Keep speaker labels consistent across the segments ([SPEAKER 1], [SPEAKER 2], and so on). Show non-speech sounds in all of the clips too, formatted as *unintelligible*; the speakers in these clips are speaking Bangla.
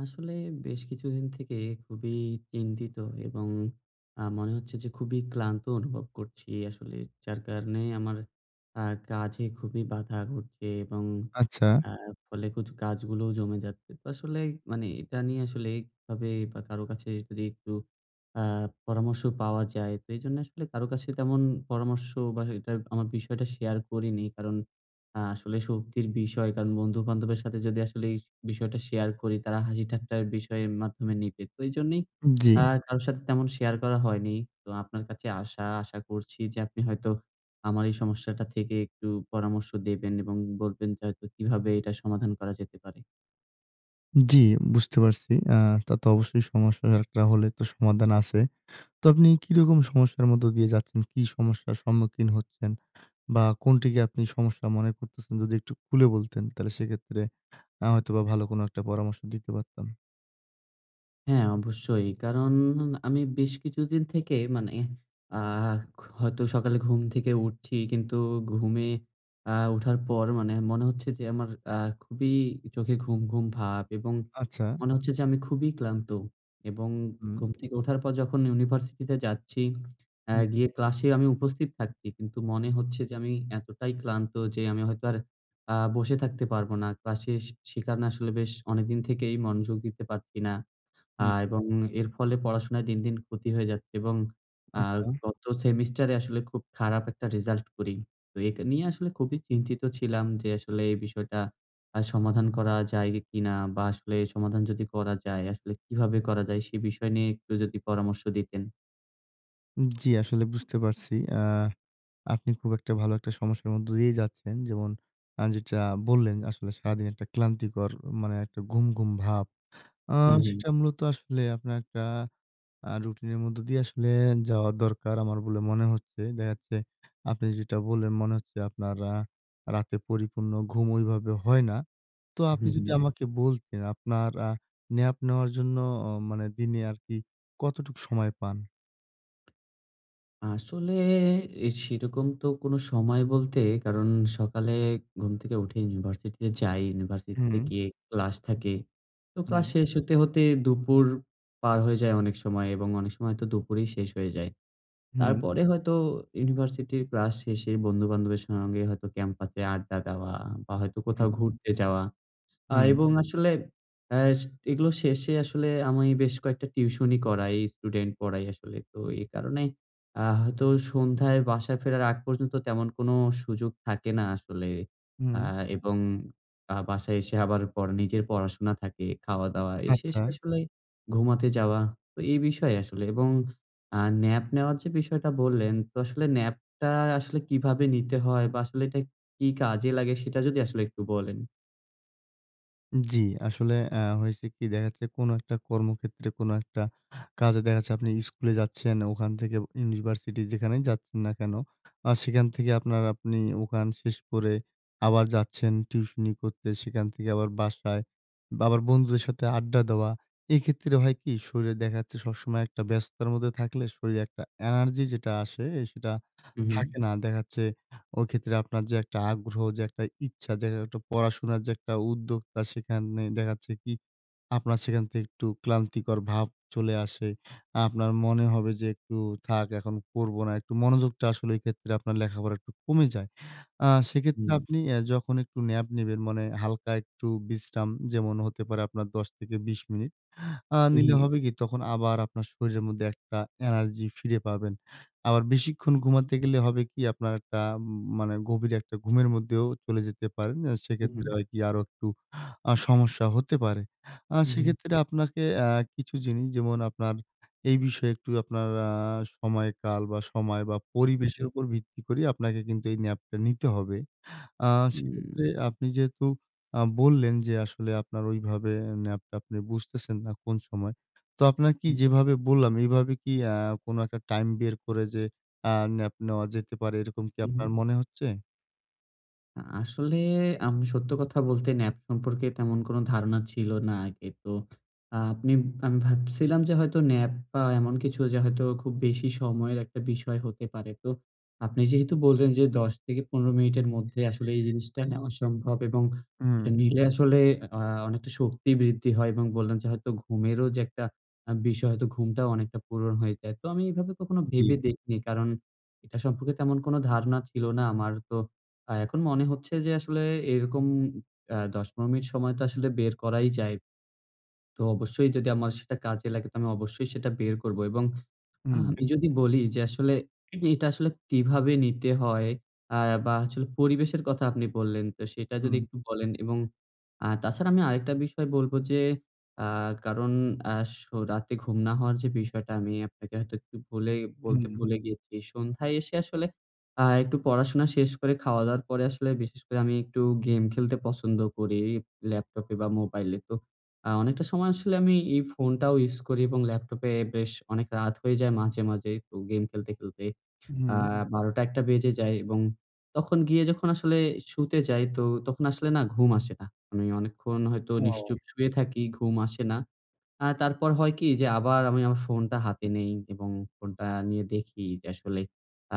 [SPEAKER 1] আসলে বেশ কিছুদিন থেকে খুবই চিন্তিত এবং অ্যা মনে হচ্ছে যে, খুবই ক্লান্ত অনুভব করছি আসলে। যার কারণে আমার অ্যা কাজে খুবই বাধা ঘটছে এবং
[SPEAKER 2] আচ্ছা।
[SPEAKER 1] অ্যা ফলে কিছু কাজগুলোও জমে যাচ্ছে। তো আসলে মানে এটা নিয়ে আসলে এইভাবে বা কারো কাছে যদি একটু অ্যা পরামর্শ পাওয়া যায় তো এই জন্যে আসলে কারো কাছে তেমন পরামর্শ বা এটা আমার বিষয়টা শেয়ার করিনি। কারণ অ্যা আসলে শক্তির বিষয় কারণ বন্ধু-বান্ধবের সাথে যদি আসলে এই বিষয়টা শেয়ার করি তারা হাসি ঠাট্টার বিষয়ের মাধ্যমে নিবে। তো এইজন্যই
[SPEAKER 2] জি।
[SPEAKER 1] অ্যা কারো সাথে তেমন শেয়ার করা হয়নি। তো আপনার কাছে আশা আশা করছি যে, আপনি হয়তো আমার এই সমস্যাটা থেকে একটু পরামর্শ দেবেন এবং বলবেন যে, হয়তো কিভাবে এটা সমাধান করা যেতে পারে?
[SPEAKER 2] জি, বুঝতে পারছি। অ্যা তা তো অবশ্যই সমস্যা একটা হলে তো সমাধান আছে। তো আপনি কি রকম সমস্যার মধ্যে দিয়ে যাচ্ছেন? কি সমস্যার সম্মুখীন হচ্ছেন বা কোনটিকে আপনি সমস্যা মনে করতেছেন? যদি একটু খুলে বলতেন তাহলে সেক্ষেত্রে অ্যা হয়তোবা ভালো কোন একটা পরামর্শ দিতে পারতাম।
[SPEAKER 1] হ্যাঁ, অবশ্যই। কারণ আমি বেশ কিছুদিন থেকে মানে এহ আ হয়তো সকালে ঘুম থেকে উঠছি, কিন্তু ঘুমিয়ে আ ওঠার পর মানে মনে হচ্ছে যে, আমার আ খুবই চোখে ঘুম, ঘুম ভাব এবং
[SPEAKER 2] আচ্ছা।
[SPEAKER 1] মনে হচ্ছে যে, আমি খুবই ক্লান্ত এবং
[SPEAKER 2] হুম।
[SPEAKER 1] ঘুম থেকে ওঠার পর যখন ইউনিভার্সিটিতে যাচ্ছি, আ
[SPEAKER 2] হুম।
[SPEAKER 1] গিয়ে ক্লাসে আমি উপস্থিত থাকছি কিন্তু মনে হচ্ছে যে, আমি এতটাই ক্লান্ত যে, আমি হয়তো আর আ বসে থাকতে পারবো না ক্লাসে। সে কারনে আসলে বেশ অনেকদিন থেকেই মনোযোগ দিতে পারছি না। আ
[SPEAKER 2] হুম।
[SPEAKER 1] এবং এর ফলে পড়াশোনায় দিন, দিন ক্ষতি হয়ে যাচ্ছে, এবং আ
[SPEAKER 2] আচ্ছা।
[SPEAKER 1] গত সেমেস্টার এ আসলে খুব খারাপ একটা রেজাল্ট করি। তো এটা নিয়ে আসলে খুবই চিন্তিত ছিলাম যে, আসলে এই বিষয়টা আ সমাধান করা যায় কিনা? বা আসলে সমাধান যদি করা যায়, আসলে কিভাবে করা যায়? সে বিষয় নিয়ে একটু যদি পরামর্শ দিতেন?
[SPEAKER 2] জী, আসলে বুঝতে পারছি। আ আপনি খুব একটা ভালো একটা সমস্যার মধ্যে দিয়েই যাচ্ছেন। যেমন আ যেটা বললেন আসলে সারাদিন একটা ক্লান্তিকর মানে একটা ঘুম, ঘুম ভাব। আ
[SPEAKER 1] হুম, হুম,
[SPEAKER 2] সেটা মূলত আসলে আপনার একটা আ রুটিন এর মধ্য দিয়ে আসলে যাওয়ার দরকার, আমার বলে মনে হচ্ছে। দেখা যাচ্ছে আপনি যেটা বললেন, মনে হচ্ছে আপনার আ রাতে পরিপূর্ণ ঘুম ওইভাবে হয় না। তো আপনি
[SPEAKER 1] হুম,
[SPEAKER 2] যদি
[SPEAKER 1] হুম।
[SPEAKER 2] আমাকে বলতেন, আপনার আ ন্যাপ নেওয়ার জন্য অ মানে দিনে আরকি কতটুকু সময় পান?
[SPEAKER 1] আসলে এ সেরকম তো কোন সময় বলতে কারণ, সকালে ঘুম থেকে উঠে ইউনিভার্সিটিতে যাই। ইউনিভার্সিটিতে
[SPEAKER 2] হুম।
[SPEAKER 1] গিয়ে ক্লাস থাকে। তো
[SPEAKER 2] হুম।
[SPEAKER 1] ক্লাস শেষ হতে, হতে, দুপুর পার হয়ে যায় অনেক সময়। এবং অনেক সময় হয়তো দুপুরেই শেষ হয়ে যায়।
[SPEAKER 2] হুম।
[SPEAKER 1] তারপরে হয়তো ইউনিভার্সিটির ক্লাস শেষে বন্ধু-বান্ধবের সঙ্গে হয়তো ক্যাম্পাসে আড্ডা দেওয়া বা, হয়তো কোথাও
[SPEAKER 2] হুম।
[SPEAKER 1] ঘুরতে যাওয়া। আ
[SPEAKER 2] হুম।
[SPEAKER 1] এবং আসলে এস এগুলো শেষে আসলে আমি বেশ কয়েকটা টিউশনি করাই, স্টুডেন্ট পড়াই আসলে। তো এই কারণেই আ হয়তো সন্ধ্যায় বাসায় ফেরার আগ পর্যন্ত তেমন কোন সুযোগ থাকে না আসলে। আ
[SPEAKER 2] হুম।
[SPEAKER 1] এবং আ বাসায় এসে আবার পড়া নিজের পড়াশোনা থাকে, খাওয়া-দাওয়া এসে
[SPEAKER 2] আচ্ছা।
[SPEAKER 1] এসে আসলে ঘুমাতে যাওয়া। তো এই বিষয় আসলে এবং আ ন্যাপ নেওয়ার যে, বিষয়টা বললেন। তো আসলে ন্যাপটা আসলে কিভাবে নিতে হয় বা, আসলে এটা কি কাজে লাগে? সেটা যদি আসলে একটু বলেন।
[SPEAKER 2] জি, আসলে আ হয়েছে কি? দেখা যাচ্ছে কোন একটা কর্মক্ষেত্রে, কোন একটা কাজে দেখা যাচ্ছে আপনি স্কুলে যাচ্ছেন। ওখান থেকে ইউনিভার্সিটি, যেখানে যাচ্ছেন না কেন? আর সেখান থেকে আপনার আপনি ওখান শেষ করে আবার যাচ্ছেন টিউশনি করতে। সেখান থেকে আবার বাসায়, বাবার বন্ধুদের সাথে আড্ডা দেওয়া। এক্ষেত্রে হয় কি? শরীরে দেখা যাচ্ছে সবসময় একটা ব্যস্ততার মধ্যে থাকলে শরীরে একটা এনার্জি যেটা আসে, আ সেটা
[SPEAKER 1] হুম, হুম।
[SPEAKER 2] থাকে না। দেখা যাচ্ছে ওইক্ষেত্রে আপনার যে, একটা আগ্রহ, যে, একটা ইচ্ছা যে, একটা পড়াশোনার যে, একটা উদ্যোক্তা সেখানে দেখা যাচ্ছে কি? আপনার সেখান থেকে একটু ক্লান্তিকর ভাব চলে আসে। আপনার মনে হবে যে, "একটু থাক। এখন করবো না।" একটু মনোযোগটা আসলে এইক্ষেত্রে আপনার লেখাপড়া একটু কমে যায়। আ সেক্ষেত্রে
[SPEAKER 1] হুম।
[SPEAKER 2] আপনি এ যখন একটু ন্যাপ নিবেন, মানে হালকা একটু বিশ্রাম, যেমন হতে পারে আপনার ১০-২০ মিনিট। আ
[SPEAKER 1] হুম,
[SPEAKER 2] নিলে
[SPEAKER 1] হুম।
[SPEAKER 2] হবে কি? তখন আবার আপনার শরীরের মধ্যে একটা এনার্জি ফিরে পাবেন। আবার বেশিক্ষণ ঘুমাতে
[SPEAKER 1] হুম।
[SPEAKER 2] গেলে হবে কি? আপনার একটা উম মানে গভীর একটা ঘুমের মধ্যেও চলে যেতে পারেন। আ
[SPEAKER 1] হুম,
[SPEAKER 2] সেক্ষেত্রে
[SPEAKER 1] হুম।
[SPEAKER 2] হয় কি? আরো একটু আ সমস্যা হতে পারে। আ
[SPEAKER 1] হুম, হুম।
[SPEAKER 2] সেক্ষেত্রে আপনাকে আ কিছু জিনিস যেমন আপনার এই বিষয়ে একটু আপনার আ সময়কাল বা, সময় বা,
[SPEAKER 1] হু,
[SPEAKER 2] পরিবেশের
[SPEAKER 1] হুম।
[SPEAKER 2] উপর ভিত্তি করে আপনাকে কিন্তু এই ন্যাপটা নিতে হবে। আ সেক্ষেত্রে
[SPEAKER 1] হুম।
[SPEAKER 2] আপনি যেহেতু আ বললেন যে, আসলে আপনার ওইভাবে ন্যাপটা আপনি বুঝতেছেন না কোন সময়। তো আপনাকি
[SPEAKER 1] হুম।
[SPEAKER 2] যেভাবে বললাম, এইভাবে কি আ কোন একটা টাইম বের করে যে, আ ন্যাপ নেওয়া যেতে পারে, এরকম কি
[SPEAKER 1] হু,
[SPEAKER 2] আপনার
[SPEAKER 1] হুম।
[SPEAKER 2] মনে হচ্ছে?
[SPEAKER 1] আ আসলে আমি সত্য কথা বলতে ন্যাপ সম্পর্কে, তেমন কোন ধারণা ছিল না আগে। তো আ আপনি আমি ভাবছিলাম, যে, হয়তো ন্যাপ, বা এমন কিছু যে, হয়তো খুব বেশি সময়ের একটা বিষয় হতে পারে। তো আপনি যেহেতু বললে, ন যে, ১০-১৫ মিনিটের মধ্যে আসলে এই জিনিসটা নেওয়া সম্ভব, এবং এটা
[SPEAKER 2] হুম।
[SPEAKER 1] নিলে আসলে আ অনেকটা শক্তি বৃদ্ধি হয়, এবং বললেন যে, হয়তো ঘুমেরও যে, একটা আ বিষয়, হয়তো ঘুমটাও অনেকটা পূরণ হয়ে যায়। তো আমি এভাবে কখনো
[SPEAKER 2] জি।
[SPEAKER 1] ভেবে দেখিনি। কারণ এটা সম্পর্কে তেমন কোন ধারণা ছিল না আমার। তো আ এখন মনে হচ্ছে, যে, আসলে এরকম আ ১০-১৫ মিনিট সময় তো আসলে বের করাই যায়। তো অবশ্যই যদি আমার সেটা কাজে লাগে, তো আমি অবশ্যই সেটা বের করব, এবং আ
[SPEAKER 2] হুম।
[SPEAKER 1] আমি যদি বলি যে, আসলে *swallows* এটা আসলে কিভাবে নিতে হয়? আ বা হচ্ছে পরিবেশের কথা আপনি বললেন, তো সেটা যদি
[SPEAKER 2] হুম।
[SPEAKER 1] একটু বলেন, এবং আ তাছাড়া আমি আরেকটা বিষয় বলব যে, আ কারণ আ সো রাতে ঘুম না হওয়ার যে, বিষয়টা আমি আপনাকে হয়তো একটু বলে বলতে
[SPEAKER 2] হুম।
[SPEAKER 1] ভুলে গিয়েছি। সন্ধ্যায় এসে আসলে আ একটু পড়াশোনা শেষ করে, খাওয়া-দাওয়ার পরে, আসলে বিশেষ করে আমি একটু গেম খেলতে পছন্দ করি, ল্যাপটপে বা মোবাইলে। তো আ অনেকটা সময় আসলে আমি এই ফোনটাও ইউস করি এবং ল্যাপটপে বেশ অনেক রাত হয়ে যায় মাঝে, মাঝে তো গেম খেলতে, খেলতে। আ
[SPEAKER 2] হুম।
[SPEAKER 1] ১২ঃ০০-১ঃ০০ বেজে যায়, এবং তখন গিয়ে যখন আসলে শুতে যাই, তখন আসলে না ঘুম আসে না। আমি অনেকক্ষণ হয়তো নিশ্চুপ
[SPEAKER 2] ও!
[SPEAKER 1] শুয়ে থাকি, ঘুম আসে না। আ তারপর হয় কি? যে, আবার আমি আমার ফোনটা হাতে নেই, এবং ফোনটা নিয়ে দেখি যে, আসলে।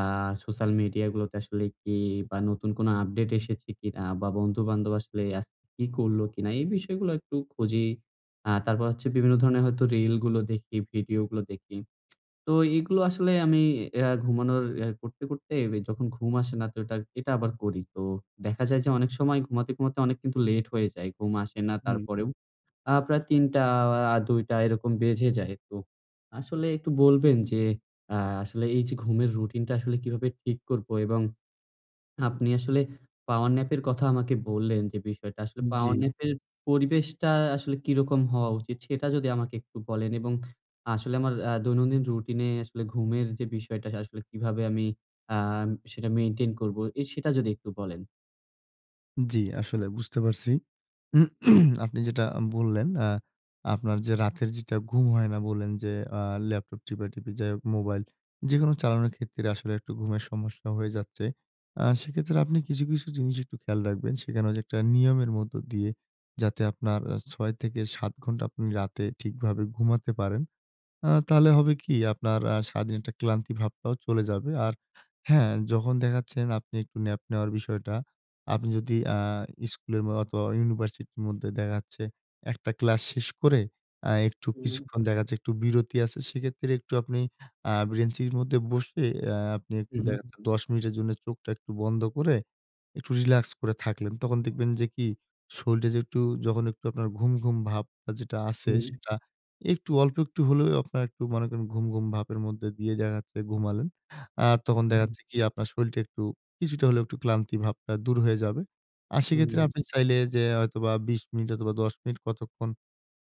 [SPEAKER 1] আ সোশ্যাল মিডিয়া গুলোতে আসলে কি? বা নতুন কোন আপডেট এসেছে কিনা, বা বন্ধুবান্ধব আসলে আজকে কি করলো কিনা, এই বিষয়গুলো একটু খুঁজি। আ তারপর হচ্ছে বিভিন্ন ধরনের হয়তো রিলগুলো দেখি, ভিডিওগুলো দেখি। তো এগুলো আসলে আমি আ ঘুমানোর আ করতে, করতে এ যখন ঘুম আসে না, তো এটা, এটা আবার করি। তো দেখা যায় যে, অনেক সময় ঘুমাতে, ঘুমাতে অনেক কিন্তু লেট হয়ে যায়, ঘুম আসে না,
[SPEAKER 2] হুম।
[SPEAKER 1] তারপরেও আ প্রায় ৩ঃ০০, ২ঃ০০ এরকম বেজে যায়। তো আসলে একটু বলবেন যে, আ আসলে এই যে, ঘুমের রুটিনটা আসলে কিভাবে ঠিক করব? এবং আপনি আসলে পাওয়ার ন্যাপ এর কথা আমাকে বললেন, যে, বিষয়টা আসলে
[SPEAKER 2] উম জি।
[SPEAKER 1] পাওয়ার ন্যাপ এর পরিবেশটা আসলে কিরকম হওয়া উচিত? সেটা যদি আমাকে একটু বলেন, এবং আসলে আমার আ দৈনন্দিন রুটিনে আসলে ঘুমের যে, বিষয়টা আসলে কিভাবে আমি আ সেটা মেইনটেইন করব, এ সেটা যদি একটু বলেন?
[SPEAKER 2] জি, আসলে বুঝতে পারছি। *clears throat* আপনি যেটা আ বললেন আ আপনার যে রাতের যেটা ঘুম হয় না বললেন যে, আ ল্যাপটপ টিপাটিপি যাই হোক, মোবাইল যেকোনো চালানোর ক্ষেত্রে আসলে একটু ঘুমের সমস্যা হয়ে যাচ্ছে। আ সেক্ষেত্রে আপনি কিছু, কিছু জিনিস একটু খেয়াল রাখবেন। সেখানে যে, একটা নিয়মের মধ্য দিয়ে যাতে আপনার আ ৬ থেকে ৭ ঘণ্টা আপনি রাতে ঠিকভাবে ঘুমাতে পারেন। আ তাহলে
[SPEAKER 1] হু।
[SPEAKER 2] হবে কি? আপনার আ সারাদিন একটা ক্লান্তি ভাবটাও চলে যাবে। আর হ্যাঁ, যখন দেখা যাচ্ছে না আপনি একটু ন্যাপ নেওয়ার বিষয়টা। আপনি যদি আ স্কুলের অথবা ইউনিভার্সিটির মধ্যে দেখা যাচ্ছে একটা ক্লাস শেষ করে আ একটু
[SPEAKER 1] হুম।
[SPEAKER 2] কিছুক্ষণ দেখা যাচ্ছে একটু বিরতি আছে। সেক্ষেত্রে একটু আপনি আ বেঞ্চের মধ্যে বসে আ আপনি
[SPEAKER 1] হু,
[SPEAKER 2] একটু দেখা
[SPEAKER 1] হু।
[SPEAKER 2] যাচ্ছে ১০ মিনিটের জন্য চোখটা একটু বন্ধ করে, একটু রিল্যাক্স করে থাকলেন। তখন দেখবেন যে কি? শরীর যে একটু, যখন একটু আপনার ঘুম, ঘুম ভাবটা যেটা আছে
[SPEAKER 1] হুম।
[SPEAKER 2] সেটা একটু, অল্প একটু হলেও আপনার একটু মনে করেন ঘুম, ঘুম ভাবের মধ্যে দিয়ে দেখা যাচ্ছে ঘুমালেন। আর তখন দেখা
[SPEAKER 1] হুম।
[SPEAKER 2] যাচ্ছে কি আপনার শরীরটা একটু, কিছুটা হলেও একটু ক্লান্তি ভাবটা দূর হয়ে যাবে। আর
[SPEAKER 1] হু,
[SPEAKER 2] সেক্ষেত্রে
[SPEAKER 1] হু।
[SPEAKER 2] আপনি চাইলে যে হয়তোবা ২০ মিনিট অথবা ১০ মিনিট কতক্ষণ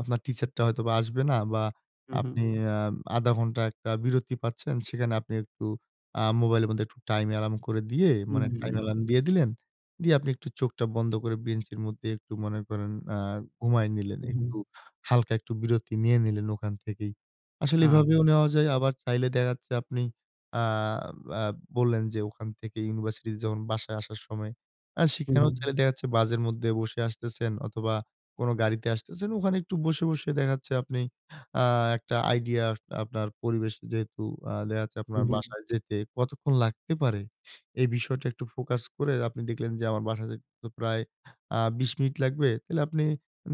[SPEAKER 2] আপনার টিচারটা হয়তো আসবে না বা
[SPEAKER 1] হুম, হুম।
[SPEAKER 2] আপনি আম ১/২ ঘন্টা একটা বিরতি পাচ্ছেন। সেখানে আপনি একটু আ মোবাইলের মধ্যে একটু টাইম এলার্ম করে দিয়ে। মানে
[SPEAKER 1] হুম।
[SPEAKER 2] টাইম এলার্ম দিয়ে দিলেন। দিয়ে আপনি একটু চোখটা বন্ধ করে বেঞ্চের মধ্যে একটু মনে করেন আ ঘুমায়ে নিলেন।
[SPEAKER 1] হু,
[SPEAKER 2] একটু
[SPEAKER 1] হু।
[SPEAKER 2] হালকা, একটু বিরতি নিয়ে নিলেন ওখান থেকেই। আসলে
[SPEAKER 1] আ
[SPEAKER 2] এভাবেও নেওয়া যায়, আবার চাইলে দেখা যাচ্ছে আপনি আ আব বললেন যে ওখান থেকে ইউনিভার্সিটিতে যখন বাসায় আসার সময় আ
[SPEAKER 1] হুম,
[SPEAKER 2] সেখানেও
[SPEAKER 1] হুম।
[SPEAKER 2] চাইলে দেখা যাচ্ছে বাসের মধ্যে বসে আসতেছেন অথবা কোন গাড়িতে আসতেছেন ওখানে একটু বসে, বসে দেখা যাচ্ছে আপনি আ একটা আইডিয়া, আপনার পরিবেশে যেহেতু আ দেখা যাচ্ছে আপনার
[SPEAKER 1] হুম, হুম।
[SPEAKER 2] বাসায় যেতে কতক্ষণ লাগতে পারে, এই বিষয়টা একটু ফোকাস করে আপনি দেখলেন যে, আমার বাসায় যেতে তো প্রায় আ ২০ মিনিট লাগবে। তাইলে আপনি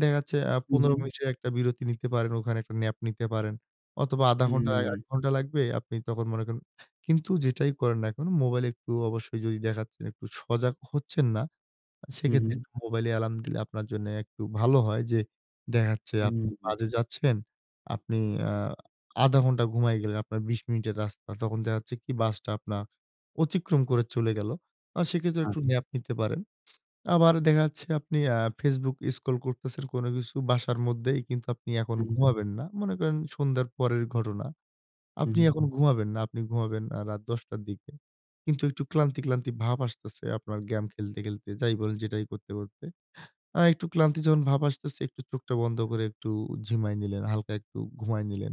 [SPEAKER 2] দেখা যাচ্ছে আ
[SPEAKER 1] হুম,
[SPEAKER 2] ১৫
[SPEAKER 1] হুম।
[SPEAKER 2] মিনিটের একটা বিরতি নিতে পারেন, ওখানে একটা ন্যাপ নিতে পারেন। অথবা ১/২ ঘন্টা, ১
[SPEAKER 1] হুম।
[SPEAKER 2] ঘন্টা লাগবে। আপনি তখন মনে করেন। কিন্তু যেটাই করেন না এখন মোবাইল একটু অবশ্যই যদি দেখা যাচ্ছে যে একটু সজাগ হচ্ছেন না। আ
[SPEAKER 1] হুম,
[SPEAKER 2] সেক্ষেত্রে
[SPEAKER 1] হুম।
[SPEAKER 2] মোবাইলে এলার্ম দিলে আপনার জন্য একটু ভালো হয় যে, দেখা যাচ্ছে আপনি
[SPEAKER 1] হু।
[SPEAKER 2] বাজে যাচ্ছেন, আপনি আ ১/২ ঘন্টা ঘুমায়ে গেলেন, আপনার ২০ মিনিটের রাস্তা। তখন দেখা যাচ্ছে কি বাসটা আপনার অতিক্রম করে চলে গেলো। আর সেক্ষেত্রে
[SPEAKER 1] আচ্ছা।
[SPEAKER 2] একটু ন্যাপ নিতে পারেন। আবার দেখা যাচ্ছে আপনি আ Facebook স্ক্রল করতেছেন কোন কিছু বাসার মধ্যেই, কিন্তু আপনি এখন
[SPEAKER 1] হু।
[SPEAKER 2] ঘুমাবেন না। মনে করেন সন্ধ্যার পরের ঘটনা।
[SPEAKER 1] হুম,
[SPEAKER 2] আপনি
[SPEAKER 1] হুম।
[SPEAKER 2] এখন ঘুমাবেন না, আপনি ঘুমাবেন আ রাত ১০ টার দিকে। কিন্তু একটু ক্লান্তি, ক্লান্তি ভাব আসতেছে আপনার গেম খেলতে, খেলতে যাই বলেন, যেটাই করতে, করতে। আ একটু ক্লান্তি যখন ভাব আসতেছে একটু চোখটা বন্ধ করে একটু ঝিমাই নিলেন, হালকা একটু ঘুমায় নিলেন।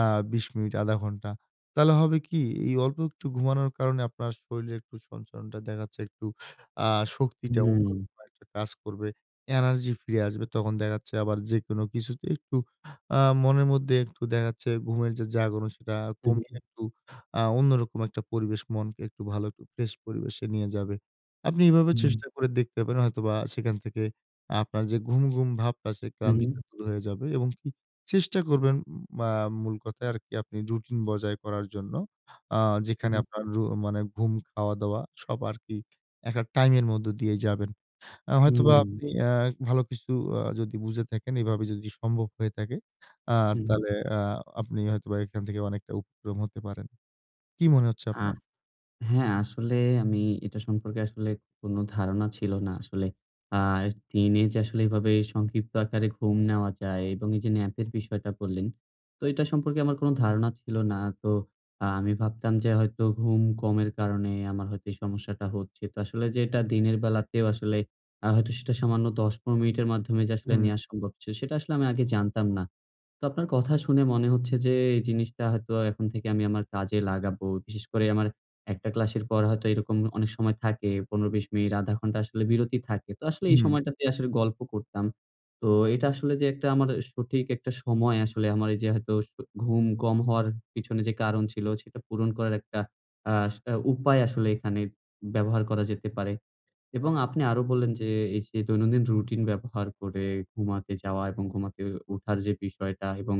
[SPEAKER 2] আ ২০ মিনিট, ১/২ ঘন্টা। তাহলে হবে কি? এই অল্প একটু ঘুমানোর কারণে আপনার শরীরের একটু সঞ্চরণটা দেখা যাচ্ছে একটু আ শক্তিটা
[SPEAKER 1] হুম।
[SPEAKER 2] *unintelligible* কাজ করবে। এনার্জি ফিরে আসবে। তখন দেখা যাচ্ছে আবার যেকোনো কিছুতে একটু আ মনের মধ্যে একটু দেখা যাচ্ছে ঘুমের যে জাগন সেটা
[SPEAKER 1] হু,
[SPEAKER 2] কমিয়ে
[SPEAKER 1] হু।
[SPEAKER 2] একটু আ অন্যরকম একটা পরিবেশ। মনকে একটু ভালো একটু ফ্রেশ পরিবেশে নিয়ে যাবে। আপনি এভাবে
[SPEAKER 1] হুম।
[SPEAKER 2] চেষ্টা করে দেখতে পারেন হয়তোবা সেখান থেকে আপনার যে ঘুম, ঘুম ভাবটা আছে।
[SPEAKER 1] হু।
[SPEAKER 2] ক্লান্তিটা দূর হয়ে যাবে এবং হু চেষ্টা করবেন ম আ মূল কথায় আর কি আপনি রুটিন বজায় করার জন্য। আ
[SPEAKER 1] হুম,
[SPEAKER 2] যেখানে
[SPEAKER 1] হুম।
[SPEAKER 2] আপনার রু মানে ঘুম খাওয়া-দাওয়া সব আর কি এক এক টাইম এর মধ্যে দিয়ে যাবেন। আ হয়তোবা
[SPEAKER 1] হুম।
[SPEAKER 2] আপনি আ ভালো কিছু আ যদি বুঝে থাকেন এভাবে যদি সম্ভব হয়ে থাকে, আ
[SPEAKER 1] হু।
[SPEAKER 2] তাহলে আ আপনি হয়তোবা এখান থেকে অনেকটা উপক্রম হতে পারেন। কি মনে হচ্ছে
[SPEAKER 1] আ
[SPEAKER 2] আপনার?
[SPEAKER 1] হ্যাঁ আসলে আমি এটা সম্পর্কে আসলে কোন ধারণা ছিল না আসলে। আ দিনে যে আসলে এভাবে সংক্ষিপ্ত আকারে ঘুম নেওয়া যায় এবং এই যে, ন্যাপের বিষয়টা বললেন। তো এটা সম্পর্কে আমার কোন ধারণা ছিল না। তো আমি ভাবতাম যে হয়তো ঘুম কমের কারণে আমার হয়তো এই সমস্যাটা হচ্ছে। তো আসলে যে এটা দিনের বেলাতেও আসলে হয়তো সেটা সামান্য ১০ ১৫ মিনিটের মাধ্যমে যে আসলে
[SPEAKER 2] হুম।
[SPEAKER 1] নেয়া সম্ভব ছিল। সেটা আসলে আমি আগে জানতাম না। তো আপনার কথা শুনে মনে হচ্ছে যে এই জিনিসটা হয়তো এখন থেকে আমি আমার কাজে লাগাবো। বিশেষ করে আমার একটা ক্লাসের পর হয়তো এরকম অনেক সময় থাকে। ১৫ ২০ মিনিট, ১/২ ঘন্টা আসলে বিরতি থাকে। তো আসলে এই
[SPEAKER 2] হু।
[SPEAKER 1] সময়টাতেই আসলে গল্প করতাম। তো এটা আসলে যে, একটা আমার সঠিক একটা সময় আসলে আমার যে হয়তো আস ঘুম কম হওয়ার পিছনে যে কারণ ছিল সেটা পূরণ করার একটা আ সেটা উপায় আসলে এখানে ব্যবহার করা যেতে পারে। এবং আপনি আরো বললেন যে, এই যে দৈনন্দিন রুটিন ব্যবহার করে ঘুমাতে যাওয়া এবং ঘুমাতে উঠার যে বিষয়টা এবং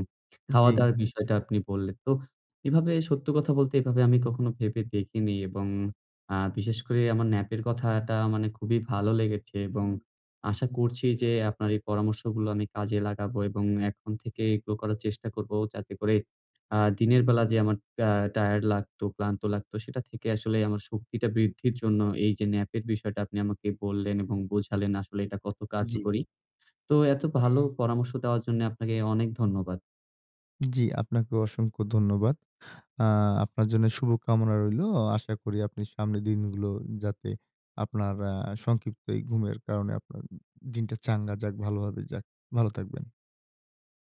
[SPEAKER 2] জি।
[SPEAKER 1] খাওয়া-দাওয়ার বিষয়টা আপনি বললেন। তো এভাবে সত্য কথা বলতে এভাবে আমি কখনো ভেবে দেখিনি। এবং আ বিশেষ করে আমার ন্যাপের কথাটা মানে খুবই ভালো লেগেছে এবং আশা করছি যে, আপনার এই পরামর্শগুলো আমি কাজে লাগাবো এবং এখন থেকে এগুলো করার চেষ্টা করবো যাতে করে আ দিনের বেলা যে আমার আ টায়ারড লাগতো, ক্লান্ত লাগতো সেটা থেকে আসলে আমার শক্তিটা বৃদ্ধির জন্য, এই যে ন্যাপের বিষয়টা আপনি আমাকে বললেন এবং বোঝালেন আসলে এটা কত
[SPEAKER 2] জি।
[SPEAKER 1] কার্যকরী। তো এত ভালো পরামর্শ দেওয়ার জন্য আপনাকে অনেক ধন্যবাদ।
[SPEAKER 2] জি, আপনাকেও অসংখ্য ধন্যবাদ। আ আপনার জন্য শুভ কামনা রইলো। আশা করি আপনি সামনের দিনগুলো যাতে আপনার আ সংক্ষিপ্ত এই ঘুমের কারণে আপনার দিনটা চাঙ্গা যাক, ভালোভাবে যাক, ভালো থাকবেন।